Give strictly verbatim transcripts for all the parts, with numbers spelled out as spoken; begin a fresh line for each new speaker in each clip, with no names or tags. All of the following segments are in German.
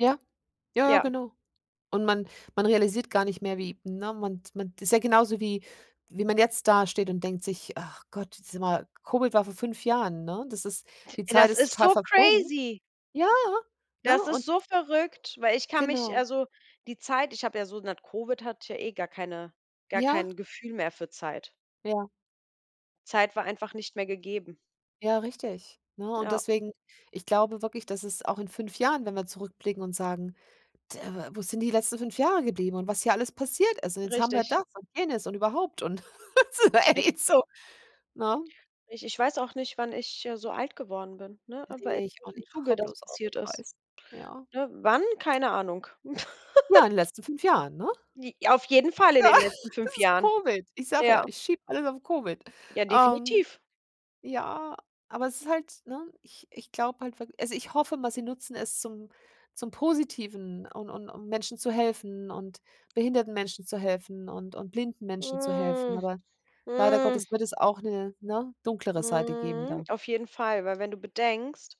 Ja, ja, ja,
Ja.
genau. Und man man realisiert gar nicht mehr, wie ne, man d man d ist ja genauso wie wie man jetzt da steht und denkt sich: „Ach Gott, dieses Mal“ Covid war vor fünf Jahren, ne? Das ist die Zeit
Das
ist
ist
total
so
verflogen.
crazy.
Ja, ne?
Das ist
Und
so verrückt, weil ich kann mich
Genau.
also, die Zeit ich habe ja so nach Covid hatte ja eh gar keine gar
Ja.
kein Gefühl mehr für Zeit.
Ja.
Zeit war einfach nicht mehr gegeben.
Ja, richtig, ne, und
Ja.
deswegen, ich glaube wirklich, dass es auch in fünf Jahren, wenn wir zurückblicken und sagen, d äh, we wo sind die letzten fünf Jahre geblieben und was hier alles passiert ist? Und jetzt haben wir
Richtig.
das und jenes und überhaupt und so,
[unintelligible]
ey, so, ne?
Ich ich weiß auch nicht, wann ich, äh, so alt geworden bin, ne, weil in
Ne, ich auch
welchem
nicht, ach,
Zuge
hör
das
bloß auf
passiert ist.
weiß, ja.
Ne, wann, keine Ahnung.
Ja, in den letzten fünf Jahren, ne?
J auf jeden Fall in
Ja,
den letzten
es
fünf
ist
Jahren.
Covid. Ich sage ja,
Ja.
ich schiebe alles auf Covid.
Ja,
Ähm,
definitiv.
ja, aber es ist halt ne? Ich ich glaube halt wirkl also, ich hoffe mal, sie nutzen es zum zum Positiven und und um Menschen zu helfen und behinderten Menschen zu helfen und und blinden Menschen zu helfen,
Hm.
aber leider
Hm.
Gottes wird es auch 'ne, ne, dunklere Seite geben
Mhm.
da.
Auf jeden Fall, weil wenn du bedenkst,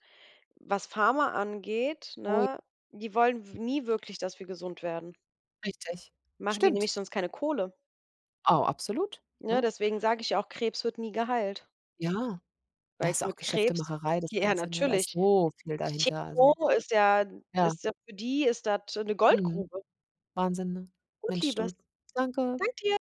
was Pharma angeht,
Ui.
ne, die wollen w nie wirklich, dass wir gesund werden.
Richtig,
Machen die
stimmt.
nämlich sonst keine Kohle.
Oh, absolut,
Ne,
ne?
deswegen sage ich auch, Krebs wird nie geheilt.
Ja, das
Weil
ist auch
mit Krebs
Geschäftemacherei, das
ja
Ganze, ne? Da ist
natürlich.
so viel dahinter, also
Chemo ist ja
ja.
ist ja für die ist das 'ne
Mhm.
Goldgrube.
Wahnsinn, ne?
Gut,
Mensch,
Liebes.
du.
Danke
Danke.
dir.